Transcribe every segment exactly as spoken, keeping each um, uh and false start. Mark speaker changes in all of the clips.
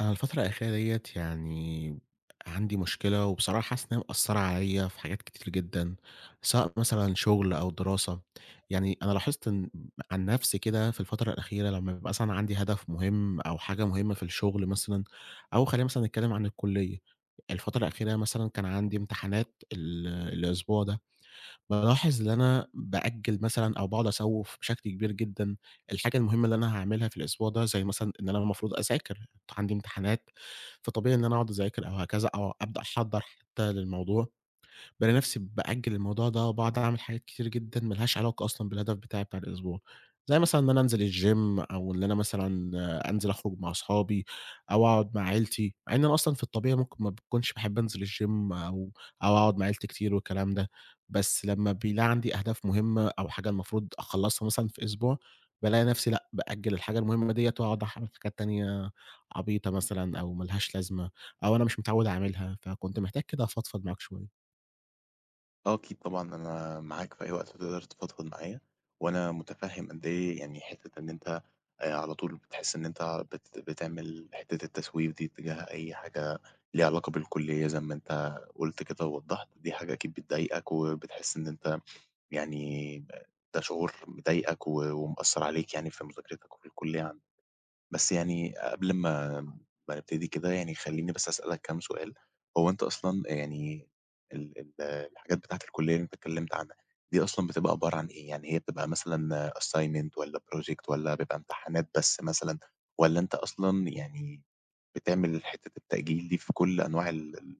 Speaker 1: أنا الفترة الأخيرة دِيّة يعني عندي مشكلة وبصراحة حاسس إن هي مأثرة عليَّ في حاجات كتير جدًا، سواء مثلًا شغل أو دراسة. يعني أنا لاحظت إن عن نفسي كده في الفترة الأخيرة لمّا بيبقى مثلًا عندي هدف مُهم أو حاجة مُهمة في الشغل مثلًا أو خلّينا مثلًا نتكلم عن الكُلّية. الفترة الأخيرة مثلًا كان عندي امتحانات ال الأسبوع ده، بالاحظ إن أنا بأجل مثلًا أو باقعد أسوِّف بشكل كبير جدًا الحاجة المُهمة اللي أنا هاعملها في الأسبوع ده زي مثلًا إن أنا المفروض أذاكر، عندي امتحانات فطبيعي إن أنا أقعد أذاكر أو هكذا أو أبدأ أحضّر حتى للموضوع. بالاقي نفسي بأجل الموضوع ده وباقعد أعمل حاجات كتير جدًا ما لهاش علاقة أصلًا بالهدف بتاعي بتاع الأسبوع، زي مثلًا إن أنا أنزل الgym أو اللي أنا مثلًا أنزل أخرج مع صحابي أو أقعد مع عيلتي، مع إن أنا أصلًا في الطبيعي ممكن ما باكونش باحب أنزل الgym أو أو أقعد مع عيلتي كتير والكلام ده، بس لمّا بيلاقي عندي أهداف مُهمة أو حاجة المفروض أخلصها مثلًا في أسبوع، بالاقي نفسي لأ، بأجل الحاجة المهمة دِيَّة وأقعد أحرق في حاجات تانية عبيطة مثلًا أو ما لهاش لازمة أو أنا مش متعود أعملها فكنت محتاج كده أفضفض معاك شوية.
Speaker 2: آه أكيد طبعًا أنا معاك في أي وقت تقدر تفضفض معايا، وأنا متفهم قد إيه يعني حتة إن أنت آآ، على طول بتحس إن أنت بت بتعمل حتة التسويف دي اتجاه أي حاجة ليها علاقة بالكلية زي ما أنت قُلت كده ووضحت، دي حاجة أكيد بتضايقك وبتحس إن أنت يعني ده شعور مضايقك و ومأثر عليك يعني في مذاكرتك والكلية يعني. بس يعني قبل ما ما نبتدي كده يعني خليني بس أسألك كام سؤال، هو أنت أصلًا يعني ال ال الحاجات بتاعة الكلية اللي أنت اتكلمت عنها دي أصلًا بتبقى عبارة عن ايه؟ يعني هي بتبقى مثلًا assignment والّا project والّا بيبقى امتحانات بس مثلًا، والّا أنت أصلًا يعني بتعمل حتة التأجيل دي في كل أنواع ال ال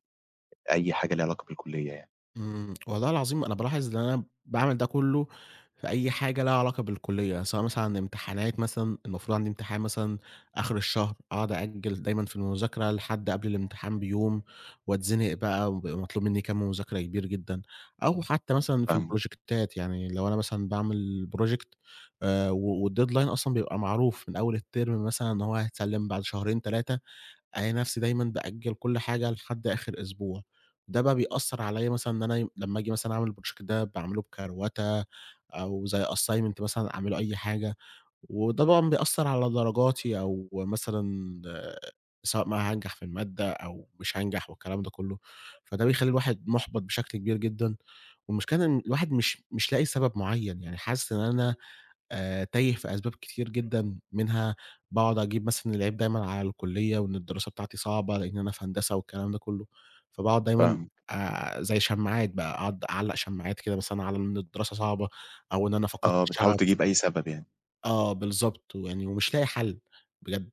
Speaker 2: أي حاجة ليها علاقة بالكلية يعني؟
Speaker 1: إمم، والله العظيم أنا بالاحظ إن أنا باعمل ده كله في أي حاجة لها علاقة بالكلية، سواء مثلًا امتحانات مثلًا المفروض عندي امتحان مثلًا آخر الشهر أقعد أأجل دايمًا في المذاكرة لحد قبل الامتحان بيوم، واتزنق بقى وبيبقى مطلوب مني كمّ مذاكرة كبير جدًا، أو حتى مثلًا في
Speaker 2: فاهمك.
Speaker 1: البروجكتات، يعني لو أنا مثلًا باعمل project آآ و والdeadline أصلًا بيبقى معروف من أول الترم مثلًا إن هو هيتسلم بعد شهرين تلاتة، ألاقي نفسي دايمًا بأجّل كل حاجة لحد آخر أسبوع، ده بقى بيأثر عليّا مثلًا إن أنا لمّا آجي مثلًا أعمل الproject ده باعمله بكروَتة أو زي assignment مثلًا أعمله أي حاجة، وطبعًا بيأثر على درجاتي أو مثلًا سواء بقى هانجح في المادة أو مش هانجح والكلام ده كله، فده بيخلّي الواحد مُحبَط بشكل كبير جدًا، والمشكلة إن الواحد مش مش لاقي سبب معين يعني حاسس إن أنا آآ تايه في أسباب كتير جدًا، منها باقعد أجيب مثلًا العيب دايمًا على الكلية وإن الدراسة بتاعتي صعبة لإن أنا في هندسة والكلام ده كله، فباقعد دايمًا
Speaker 2: فاهمك.
Speaker 1: آآ زي شماعات بقى أقعد أعلق شماعات كده مثلًا على إن الدراسة صعبة أو إن أنا فقدت
Speaker 2: آه بتحاول
Speaker 1: الشغف.
Speaker 2: تجيب أي سبب يعني.
Speaker 1: آه بالضبط، ويعني ومش لاقي حل بجد.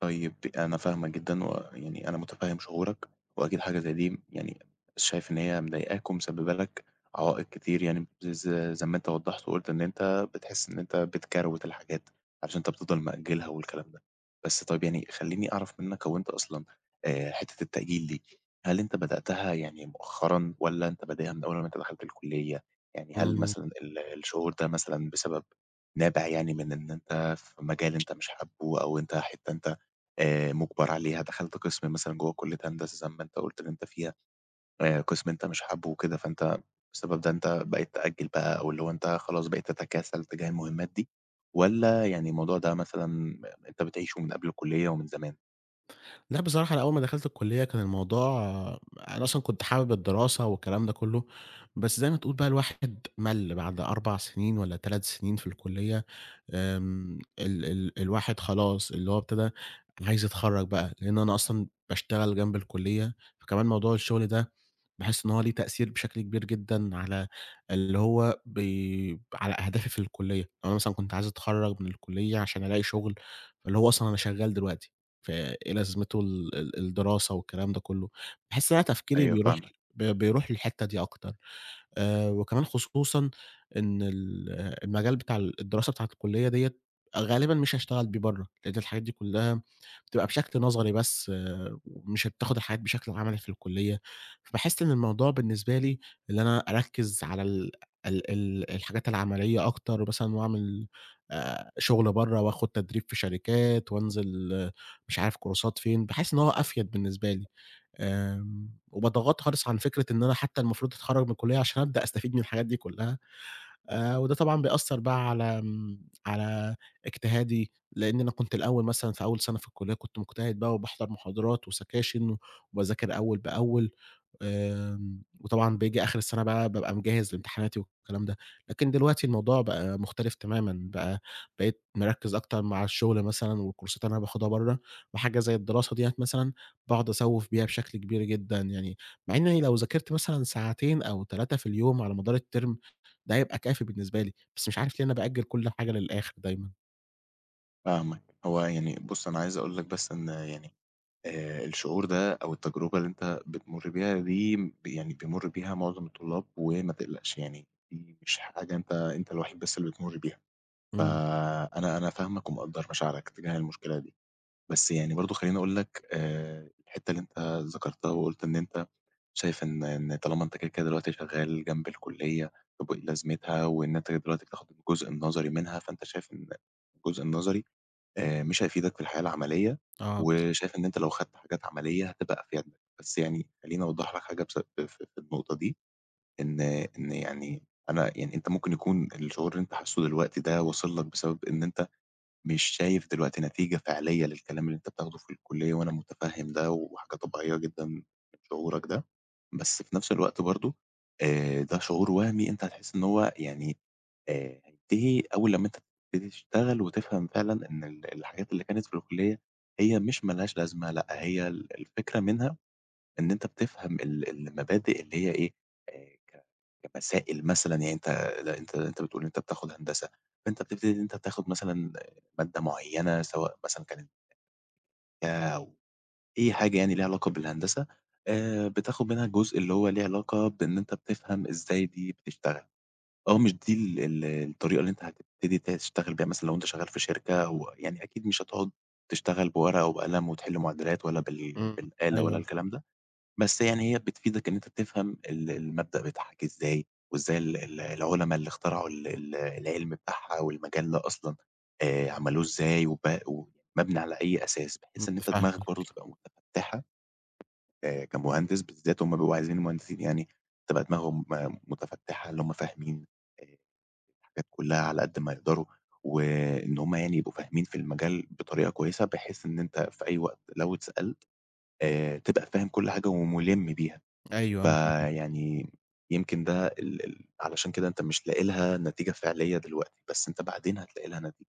Speaker 2: طيب ب أنا فاهمك جدًا ويعني أنا مُتفهِّم شعورك وأكيد حاجة زي دي م يعني شايف إن هي مضايقاك ومسببة لك عوائق كتير يعني ز زي زي ما أنت وضَّحت وقُلت إن أنت بتحس إن أنت بتكروِت الحاجات عشان أنت بتفضل مأجلها والكلام ده. بس طيب يعني خلّيني أعرف منك هو أنت أصلًا آآ حتة التأجيل دي، هل أنت بدأتها يعني مؤخرًا والّا أنت بادئها من أول لمّا أنت دخلت الكلّية؟ يعني هل
Speaker 1: إمم.
Speaker 2: مثلًا ال الشعور ده مثلًا بسبب نابع يعني من إن أنت في مجال أنت مش حابه أو أنت حتة أنت آآ مُجبر عليها، دخلت قِسم مثلًا جوّه كلّية هندسة زي ما أنت قُلت إن أنت فيها، آآ قِسم أنت مش حابه وكده فأنت بسبب ده أنت بقيت تأجل بقى أو اللي هو أنت خلاص بقيت تتكاسل تجاه المهمات دي والّا يعني الموضوع ده مثلًا م أنت بتعيشه من قبل الكلّية ومن زمان؟
Speaker 1: لأ بصراحة أنا أول ما دخلت الكلّية كان الموضوع أنا أصلًا كنت حابب الدراسة والكلام ده كلّه، بس زي ما تقول بقى الواحد مَل بعد أربع سنين والّا تلات سنين في الكلّية، آمم، ال ال الواحد خلاص اللي هو ابتدي عايز يتخرّج بقى لأن أنا أصلًا باشتغل جنب الكلّية فكمان موضوع الشغل ده باحس إن هو ليه تأثير بشكل كبير جدًا على اللي هو بي ب على أهدافي في الكلّية. أنا مثلًا كنت عايز أتخرّج من الكلّية عشان ألاقي شُغل، فاللي هو أصلًا أنا شغّال دلوقتي فإيه لازمته ال ال الدراسة والكلام ده كلّه. باحس إن أنا تفكيري
Speaker 2: أيوه
Speaker 1: بيروح
Speaker 2: فاهمك.
Speaker 1: ب بيروح للحتة دي أكتر. آآ وكمان خصوصًا إن ال المجال بتاع ال الدراسة بتاعة الكلّية دِيّة غالبًا مش هاشتغل بيه برّه، لأن الحاجات دي كلّها بتبقى بشكل نظري بس، ومش هتاخد الحاجات بشكل عملي في الكلّية، فباحس إن الموضوع بالنسبة لي اللي أنا أركِّز على ال ال ال الحاجات العملية أكتر بثلًا وأعمل آآ شُغل برّه وآخد تدريب في شركات وأنزِل مش عارف كورسات فين، باحس إن هو أفيَد بالنسبة لي. آمم، وباتغاضي خالص عن فكرة إن أنا حتى المفروض أتخرج من الكلّية عشان أبدأ أستفيد من الحاجات دي كلّها آآ وده طبعًا بيأثر بقى على آمم على اجتهادي لأن أنا كنت الأول مثلًا في أول سنة في الكلّية كنت مجتهد بقى وباحضَر محاضرات وسكاشن وباذاكر أول بأول، آمم، وطبعًا باجي آخر السنة بقى بابقى مجهِّز لامتحاناتي والكلام ده. لكن دلوقتي الموضوع بقى مختلف تمامًا بقى، بقيت مركِّز أكتر مع الشغل مثلًا والكورسات اللي أنا باخدها برّه وحاجة زي الدراسة دِيّة مثلًا باقعد أسوِّف بيها بشكل كبير جدًا يعني مع إني لو ذاكرت مثلًا ساعتين أو تلاتة في اليوم على مدار الterm ده هيبقى كافي بالنسبة لي، بس مش عارف ليه أنا بأجل كُل حاجة للآخر دايمًا.
Speaker 2: فاهمك، هو يعني بُص أنا عايز أقول لك بس إن يعني آآ الشعور ده أو التجربة اللي أنت بتمر بيها دي يعني بيمر بيها معظم الطلاب وما تقلقش، يعني دي مش حاجة أنت أنت الوحيد بس اللي بتمر بيها،
Speaker 1: امم.
Speaker 2: فأنا أنا فاهمك ومقدر مشاعرك تجاه المشكلة دي. بس يعني برضه خليني أقول لك آآ الحتة اللي أنت ذكرتها وقُلت إن أنت شايف إن إن طالما أنت كده، كده دلوقتي شغال جنب الكلية طب وإيه لازمتها، وإن أنت كده دلوقتي بتاخد الجزء النظري منها فأنت شايف إن الجزء النظري آآ، مش هيفيدك في الحياة العملية
Speaker 1: آه باض
Speaker 2: وشايف إن أنت لو خدت حاجات عملية هتبقى أفيد لك، بس يعني خليني أوضح لك حاجة بس بف في النقطة دي، إن إن يعني أنا يعني أنت ممكن يكون الشعور اللي أنت حاسه دلوقتي ده وصل لك بسبب إن أنت مش شايف دلوقتي نتيجة فعلية للكلام اللي أنت بتاخده في الكلية، وأنا متفهم ده وحاجة طبيعية جدًا من شعورك ده، بس في نفس الوقت برضه آآ ده شعور وهمي أنت هتحس إن هو يعني آآ هينتهي أول لمّا أنت تبتدي تشتغل وتفهم فعلًا إن ال الحاجات اللي كانت في الكلية هي مش ما لهاش لازمة، لأ هي ال الفكرة منها إن أنت بتفهم ال المبادئ اللي هي إيه آآ، ك كمسائل مثلًا يعني أنت لأ أنت أنت بتقول أنت بتاخد هندسة أنت بتبتدي أنت تاخد مثلًا مادة معينة سواء مثلًا كانت [unintelligible] أو أي حاجة يعني ليها علاقة بالهندسة، آآ بتاخد منها الجزء اللي هو ليه علاقة بإن أنت بتفهم إزاي دي بتشتغل، أو مش دي ال ال الطريقة اللي أنت هتبتدي تشتغل بيها مثلًا لو أنت شغال في شركة و يعني أكيد مش هتقعد تشتغل بورقة وقلم وتحل معادلات ولا بال
Speaker 1: امم،
Speaker 2: بالآلة ولا
Speaker 1: أيوه.
Speaker 2: الكلام ده. بس يعني هي بتفيدك إن أنت تفهم ال المبدأ بيتحل إزاي، وإزاي ال ال العلما اللي اخترعوا ال ال العِلم بتاعها والمجال ده أصلًا آآ، عملوه إزاي وب ومبنى على أي أساس،
Speaker 1: امم
Speaker 2: بحيث إن أنت دماغك برضه
Speaker 1: فاهمك.
Speaker 2: تبقى متفتحة. آآ كمهندس بالذات هُم بيبقوا عايزين المهندسين يعني تبقى دماغهم متفتحة اللي هُم فاهمين الحاجات كلها على قد ما يقدروا، وإن هُم يعني يبقوا فاهمين في المجال بطريقة كويسة، بحيث إن أنت في أي وقت لو اتسألت آآ، تبقى فاهم كل حاجة ومُلِم بيها،
Speaker 1: أيوه أنا فاهمك.
Speaker 2: فيعني يمكن ده ال ال علشان كده أنت مش لاقي لها نتيجة فعلية دلوقتي بس أنت بعدين هتلاقي لها نتيجة،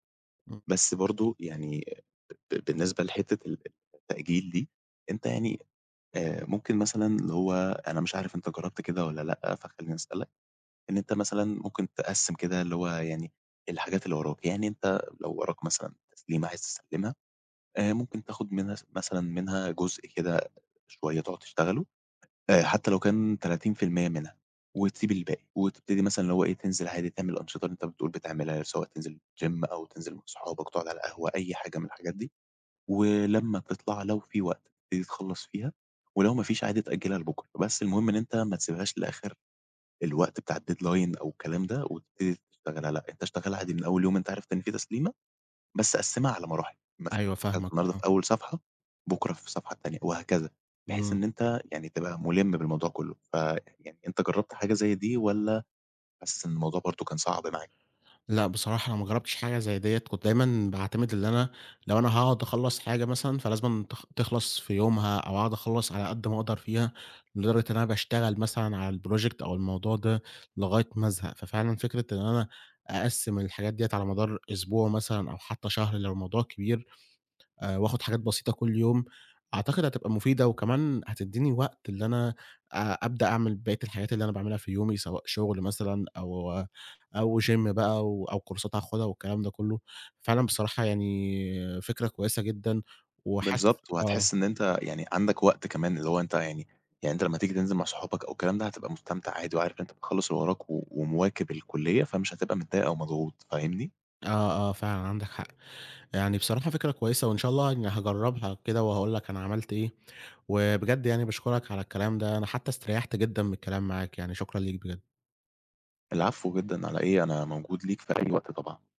Speaker 1: امم.
Speaker 2: بس برضه يعني ب بالنسبة لحتة ال التأجيل دي أنت يعني آآ، ممكن مثلًا اللي هو أنا مش عارف أنت جربت كده والّا لأ، فخليني أسألك، إن أنت مثلًا ممكن تقسِّم كده اللي هو يعني الحاجات اللي وراك، يعني أنت لو وراك مثلًا تسليمة عايز تسلمها آآ، ممكن تاخد منها س مثلًا منها جزء كده شوية تقعد تشتغله آآ، حتى لو كان تلاتين في المِيّة منها وتسيب الباقي، وتبتدي مثلًا اللي هو إيه تنزل عادي تعمل الأنشطة اللي أنت بتقول بتعملها سواء تنزل gym أو تنزل مع صحابك تقعد على القهوة أي حاجة من الحاجات دي. ولما تطلع لو في وقت تبتدي تخلّص فيها ولو ما فيش عادي تأجلها لبكرة بس المهم إن أنت ما تسيبهاش لآخر الوقت بتاع الdeadline أو الكلام ده، وتبتدي تشتغل عل أنت اشتغلها عادي من أول يوم أنت عارف إن في تسليمة بس قسِّمها على مراحل، مثلًا
Speaker 1: أيوه
Speaker 2: دخلت
Speaker 1: فاهمك
Speaker 2: النهاردة
Speaker 1: آه.
Speaker 2: في أول صفحة بُكرة في الصفحة التانية وهكذا، بحيث
Speaker 1: امم.
Speaker 2: إن أنت يعني تبقى مُلِم بالموضوع كله، فيعني أنت جربت حاجة زي دي والّا بس الموضوع برضه كان صعب معاك؟
Speaker 1: لأ بصراحة أنا ما جربتش حاجة زي ديّة كنت دايمًا باعتمد اللي أنا لو أنا هاقعد أخلَّص حاجة مثلًا فلازمًا تخ تخلص في يومها أو أقعد أخلَّص على قد ما أقدر فيها، لدرجة إن أنا باشتغل مثلًا على الproject أو الموضوع ده لغاية ما أزهق، ففعلًا فكرة إن أنا أقسِّم الحاجات دي على مدار الأسبوع مثلًا أو حتى شهر لو الموضوع كبير آآ، وآخد حاجات بسيطة كل يوم، أعتقد هتبقى مفيدة وكمان هتديني وقت اللي أنا آآ، أبدأ أعمل بقية الحاجات اللي أنا باعملها في يومي سواء شغل مثلًا أو أو gym بقى و أو كورسات هاخدها والكلام ده كله، فعلًا بصراحة يعني فكرة كويسة جدًا وحاسس
Speaker 2: بالضبط
Speaker 1: آه.
Speaker 2: وهتحس إن أنت يعني عندك وقت كمان اللي هو أنت يعني يعني أنت لما تيجي تنزل مع صحابك أو الكلام ده، هتبقى مستمتع عادي وعارف أنت مخلص اللي وراك و ومواكب الكلية فمش هتبقى متضايق أومضغوط فاهمني؟
Speaker 1: آه، آه فعلًا عندك حق. يعني بصراحة فكرة كويسة وإن شاء الله يعني هاجربها كده وهاقول لك أنا عملت إيه، وبجد يعني باشكرك على الكلام ده أنا حتى استريحت جدًا بالكلام معاك، يعني شكرًا ليك بجد.
Speaker 2: العفو جدًا على إيه أنا موجود ليك في أي وقت طبعًا.